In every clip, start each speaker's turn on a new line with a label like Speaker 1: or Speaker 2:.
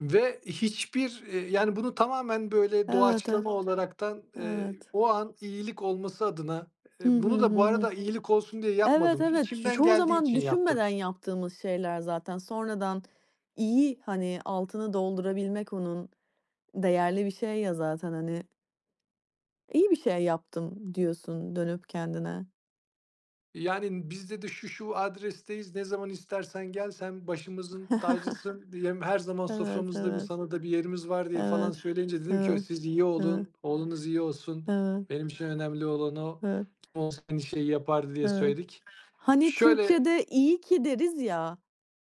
Speaker 1: Ve hiçbir, eee, yani bunu tamamen böyle
Speaker 2: Evet, e.
Speaker 1: doğaçlama olaraktan, eee,
Speaker 2: Evet.
Speaker 1: o an iyilik olması adına, eee,
Speaker 2: Hı hı,
Speaker 1: bunu da bu
Speaker 2: hı hı.
Speaker 1: arada iyilik olsun diye
Speaker 2: Evet,
Speaker 1: yapmadım.
Speaker 2: evet. Ç
Speaker 1: İçimden
Speaker 2: çoğu
Speaker 1: geldiği
Speaker 2: zaman
Speaker 1: için yaptım.
Speaker 2: düşünmeden yaptığımız şeyler zaten. Sonradan, iyi, hani, altını doldurabilmek onun, değerli bir şey ya zaten, hani. "İyi bir şey yaptım." diyorsun, dönüp kendine.
Speaker 1: Yani, biz dedi "Şu, şu adresteyiz. Ne zaman istersen gel. Sen başımızın tacısın, diye. Her zaman
Speaker 2: Evet,
Speaker 1: soframızda, bir,
Speaker 2: evet.
Speaker 1: sana da bir yerimiz var." diye, falan
Speaker 2: Evet,
Speaker 1: söyleyince dedim ki
Speaker 2: evet,
Speaker 1: "Siz iyi
Speaker 2: evet.
Speaker 1: olun, oğlunuz iyi olsun.
Speaker 2: Evet.
Speaker 1: Benim için önemli olan o.
Speaker 2: Evet.
Speaker 1: Kim olsa aynı şeyi yapardı." diye
Speaker 2: Evet.
Speaker 1: söyledik.
Speaker 2: Hani
Speaker 1: Şöyle
Speaker 2: Türkçe'de "İyi ki." deriz ya.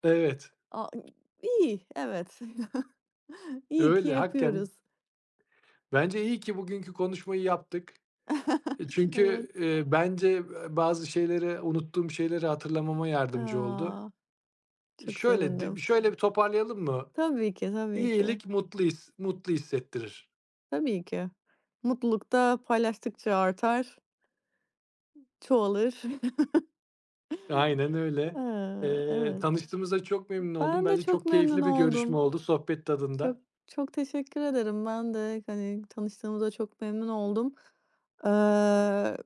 Speaker 1: Evet.
Speaker 2: A iii, iyi, evet. İyi ki
Speaker 1: Öyle hakken.
Speaker 2: yapıyoruz.
Speaker 1: Bence, iyi ki bugünkü konuşmayı yaptık. E
Speaker 2: Evet.
Speaker 1: çünkü, eee, bence, eee, bazı şeyleri, unuttuğum şeyleri, hatırlamama yardımcı oldu.
Speaker 2: A! Çok
Speaker 1: Şöyle, d
Speaker 2: sevindim.
Speaker 1: şöyle bir toparlayalım mı?
Speaker 2: Tabii ki, tabii ki.
Speaker 1: İyilik mutlu his mutlu hissettirir.
Speaker 2: Tabii ki. Mutluluk da paylaştıkça artar. Çoğalır.
Speaker 1: Aynen öyle.
Speaker 2: Eee,
Speaker 1: Eee,
Speaker 2: evet.
Speaker 1: tanıştığımıza çok memnun oldum.
Speaker 2: Ben de
Speaker 1: Bence
Speaker 2: çok
Speaker 1: çok
Speaker 2: memnun
Speaker 1: keyifli bir görüşme
Speaker 2: oldum.
Speaker 1: oldu. Sohbet
Speaker 2: Çok,
Speaker 1: tadında.
Speaker 2: çok teşekkür ederim. Ben de, hani, tanıştığımıza çok memnun oldum. Eee.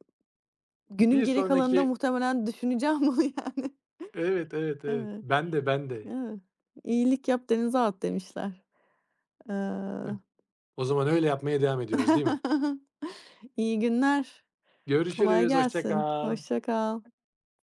Speaker 2: Günün
Speaker 1: Bir
Speaker 2: geri kalanında
Speaker 1: sonraki
Speaker 2: muhtemelen düşüneceğim bunu yani.
Speaker 1: Evet, evet, evet.
Speaker 2: Evet,
Speaker 1: Ben de, ben de.
Speaker 2: evet. "İyilik yap, denize at." demişler.
Speaker 1: Hıh.
Speaker 2: Eee.
Speaker 1: O zaman öyle yapmaya devam ediyoruz, değil mi?
Speaker 2: İyi günler. Kolay
Speaker 1: Görüşürüz. Hoşça
Speaker 2: gelsin.
Speaker 1: kal. Hı
Speaker 2: Hoşça kal.
Speaker 1: hı.